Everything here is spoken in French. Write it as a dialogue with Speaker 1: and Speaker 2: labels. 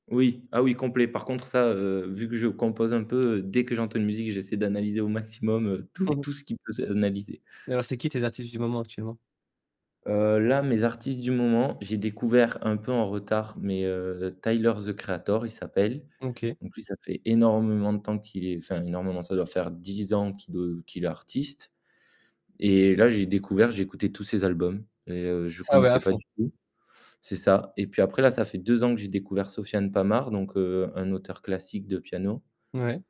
Speaker 1: Oui, ah oui, complet. Par contre, ça, heu, vu que je compose un peu, heu, dès que j'entends une musique, j'essaie d'analyser au maximum, heu, tout
Speaker 2: Mmh mh.
Speaker 1: tout ce qui peut s'analyser.
Speaker 2: Et alors, c'est qui tes artistes du moment, actuellement?
Speaker 1: Heu, là, mes artistes du moment, j'ai découvert un peu en retard, mais heu, Tyler, the Creator, il s'appelle.
Speaker 2: Mmh OK.
Speaker 1: Donc lui, ça fait énormément de temps qu'il est enfin, énormément, ça doit faire 10 ans qu'il est qu'il est artiste. Et là, j'ai découvert, j'ai écouté tous ses albums et je
Speaker 2: Ah ouais, à
Speaker 1: connaissais pas
Speaker 2: fond.
Speaker 1: du tout c'est ça. Et puis après, là, ça fait 2 ans que j'ai découvert Sofiane Pamart, donc heu, un auteur classique de piano.
Speaker 2: Mouais.